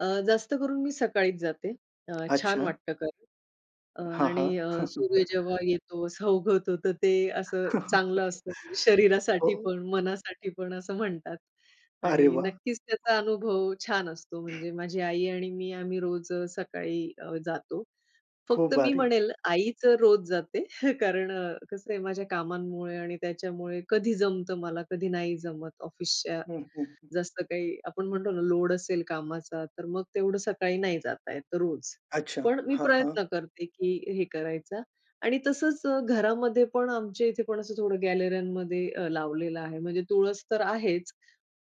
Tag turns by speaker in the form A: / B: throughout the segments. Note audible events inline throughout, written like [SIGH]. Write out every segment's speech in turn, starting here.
A: अ, जास्त करून मी सकाळीच जाते. अ, छान
B: अच्छा.
A: वाटतं कारण अ,
B: हां, हां.
A: आणि अ, सूर्य जेव्हा
B: [CHUCKLES]
A: येतो असा उगवतो तर ते असं चांगलं असतं, म्हणजे
B: [LAUGHS]
A: शरीरासाठी
B: हो.
A: पण मनासाठी पण असं म्हणतात
B: अरे
A: आणि
B: वाह!
A: नक्कीच त्याचा अनुभव छान असतो. म्हणजे माझी आई आणि मी आम्ही रोज सकाळी अ, जातो.
B: खूप
A: फक्त मी
B: भारी.
A: म्हणेल आईचं रोज जाते [CHUCKLES] कारण अ, कसं आहे माझ्या कामांमुळे आणि त्याच्यामुळे कधी जमतं मला कधी नाही जमत. ऑफिसच्या
B: हं, हं, हं.
A: जास्त काही आपण म्हणतो ना, लोड असेल कामाचा, तर मग तेवढं सकाळी नाही जाता येतं रोज,
B: अच्छा,
A: पण मी
B: हां, हां.
A: प्रयत्न करते की हे करायचा आणि तसंच अ, घरामध्ये पण आमच्या इथे पण असं थोडं गॅलरीमध्ये अ, लावलेलं आहे म्हणजे तुळस तर आहेच,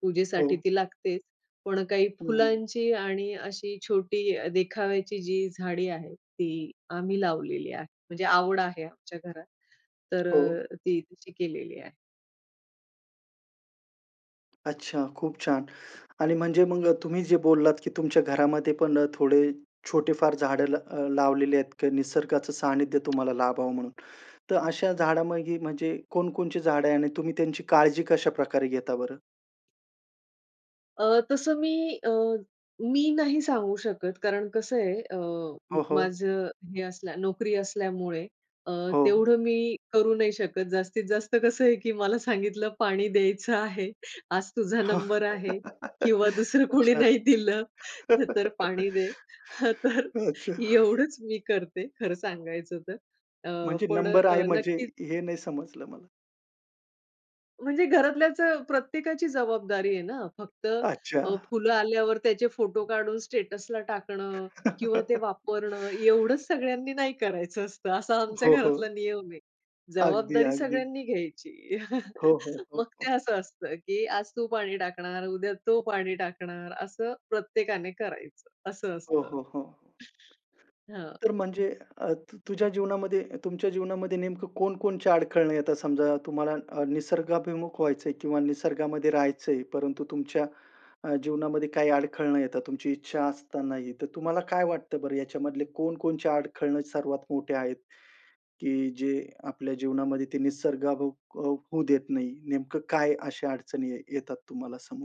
A: पूजेसाठी
B: हो.
A: ती लागतेच. पण काही
B: हं, हं.
A: फुलांची आणि अशी छोटी अ, देखाव्याची जी झाडी आहेत ती आम्ही लावलेली आहे. म्हणजे आवड आहे आमच्या घरात तर
B: हो.
A: अ, ती तशी केलेली आहे.
B: अच्छा, खूप छान आणि म्हणजे मग अ, तुम्ही जे बोललात की तुमच्या घरामध्ये पण अ, थोडे छोटे फार झाडं लाव अ, लावलेले आहेत किंवा निसर्गाचं सानिध्य तुम्हाला लाभावं म्हणून. तर अशा झाडामागी म्हणजे कोणकोणची झाडं आहे आणि तुम्ही त्यांची काळजी कशाप्रकारे घेता बरं?
A: अ, तसं मी अ, मी नाही सांगू शकत कारण कसं आहे अ,
B: हो, हो.
A: माझं हे असल्या, नोकरी असल्यामुळे अ,
B: हो.
A: तेवढं मी करू नाही शकत. जास्तीत जास्त कसं आहे की मला सांगितलं पाणी द्यायचं आहे, आज तुझा
B: हं.
A: नंबर आहे किंवा
B: [LAUGHS]
A: दुसरं कोणी
B: अच्छा,
A: नाही दिलं तर पाणी दे.
B: [LAUGHS]
A: हं, तर
B: अच्छा.
A: एवढंच मी करते खरं सांगायचं तर अ,
B: म्हणजे
A: पण
B: नंबर आहे
A: अ,
B: म्हणजे
A: नक्कीच
B: हे नाही समजलं मला?
A: म्हणजे घरातल्याचं प्रत्येकाची जबाबदारी आहे ना, फक्त
B: अच्छा.
A: अ, फुलं आल्यावर त्याचे फोटो काढून स्टेटसला टाकणं किंवा ते
B: [LAUGHS]
A: वापरणं एवढंच सगळ्यांनी नाही करायचं असतं, असा आमच्या
B: हो, हो.
A: घरातला नियम आहे.
B: अगदी,
A: जबाबदारी
B: अगदी.
A: सगळ्यांनी घ्यायची.
B: हो, हो,
A: [CHUCKLES]
B: हो,
A: मग
B: हो.
A: ते असं असतं की आज तू पाणी टाकणार, उद्या तो पाणी टाकणार, असं प्रत्येकाने करायचं असं
B: हो,
A: असतं.
B: हो, हो.
A: हं.
B: तर म्हणजे अ, तुझ्या जीवनामध्ये तुमच्या जीवनामध्ये नेमकं कोणकोणच्या अडखळणं येतात. समजा, तुम्हाला अ, निसर्गाभिमुख व्हायचंय किंवा निसर्गामध्ये राहायचंय, परंतु तुमच्या अ, जीवनामध्ये काही अडखळणं येतात तुमची इच्छा असतानाही, तर तुम्हाला काय वाटतं बरं याच्यामधले कोणकोणचे अडखळणं सर्वात मोठे आहेत, की जे आपल्या जीवनामध्ये ते निसर्गाभिमुख होऊ देत नाही. नेमकं काय अशा अडचणी आहे, येतात तुम्हाला समोर?